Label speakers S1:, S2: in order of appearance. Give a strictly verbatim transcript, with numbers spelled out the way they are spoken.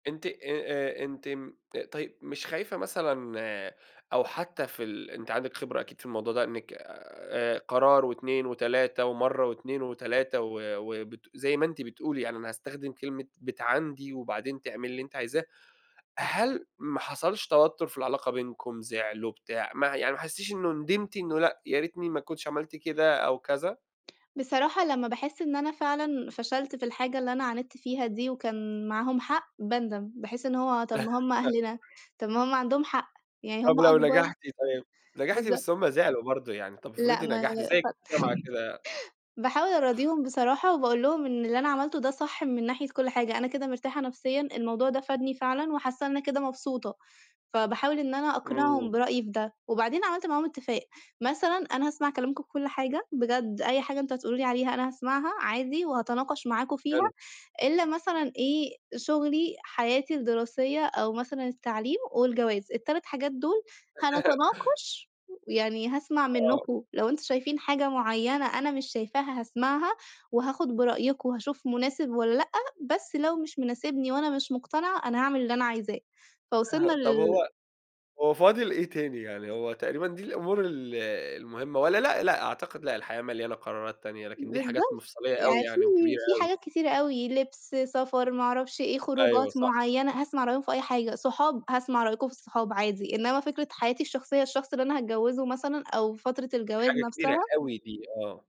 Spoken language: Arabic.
S1: أنتِ آآ، آآ، أنتِ امم طيب، مش خايفة مثلًا أو حتى في ال أنتِ عندِك خبرة أكيد في الموضوع ده، إنِك آآ، قرار وإتنين وتلاتة ومرَّة وإتنين وتلاتة و وبت زي ما أنتِ بتقولي، يعني أنا هاستخدِم كلمة بتعاندي وبعدين تعملي اللي أنتِ عايزاه، هل ما حصَلش توتُّر في العلاقة بينكم، زِعلوا بتاع ما يعني ما حسّيتيش إنه ندِمتِ إنه لأ، يا ريتني ما كنتش عملت كده أو كذا؟
S2: بصراحة لمّا باحس إن أنا فعلًا فشَلت في الحاجة اللي أنا عاندت فيها دي وكان معاهم حق باندَم. باحس إن هو طَب ما هُم أهلنا، طَب ما هُم عَندهم حق، يعني
S1: طب
S2: هُم
S1: لو
S2: أكبر
S1: نجَحتِ طيب، نجَحتِ
S2: بالضبط.
S1: بس هُم زعِلوا برضه يعني، طَب
S2: لأ
S1: افرضي
S2: ما لأ خ
S1: نجحتِ زي الجامعة كده؟
S2: باحاول أراضيهم بصراحة وباقول لهم إن اللي أنا عملته ده صح من ناحية كلّ حاجة، أنا كده مرتاحة نفسيًا، الموضوع ده فادني فعلًا وحاسّة إن أنا كده مبسوطة، فباحاول إن أنا
S1: إمم.
S2: أقنِعهم برأيي بده. وبعدين عملت معاهم إتّفاق، مثلًا أنا هاسمَع كلامكم في كلّ حاجة، بجد أي حاجة أنتم هتقولوا لي عليها أنا هاسمَعها عادي وهاتناقش معاكم فيها
S1: حلو.
S2: إلّا مثلًا إيه، شُغلي، حياتي الدراسية أو مثلًا التعليم والجواز. التلات حاجات دُول هنتناقش ويعني هاسمَع
S1: آه.
S2: منكم لو أنتم شايفين حاجة معيّنة أنا مش شايفاها، هاسمَعها وهاخد برأيكم وهاشوف مناسِب والّا لأ، بس لو مش مناسبني وأنا مش مقتنعة أنا هاعمل اللي أنا عايزاه.
S1: آه
S2: فوصَلنا
S1: طَب
S2: لل
S1: هو هو فاضِل إيه تاني يعني؟ هو تقريبًا دي الأمور ال المهمة والّا لأ، لأ، أعتقد لأ، الحياة مليانة قرارات تانية لكن دي حاجات
S2: بالضبط،
S1: مفصليّة أوي
S2: يعني في
S1: يعني وكبيرة
S2: في
S1: أوي.
S2: حاجات كتيرة أوي، لِبس، سفر، ما أعرَفش إيه،
S1: أيوه
S2: خروجات
S1: صح.
S2: معيّنة، هاسمَع رأيهم في أي حاجة، صحاب، هاسمَع رأيكم في الصحاب عادي، إنما فكرة حياتي الشخصية، الشخص اللي أنا هاتجوّزه مثلًا أو فترة
S1: دي
S2: الجواز
S1: حاجة كبيرة
S2: نفْسها
S1: أوي دي. آه.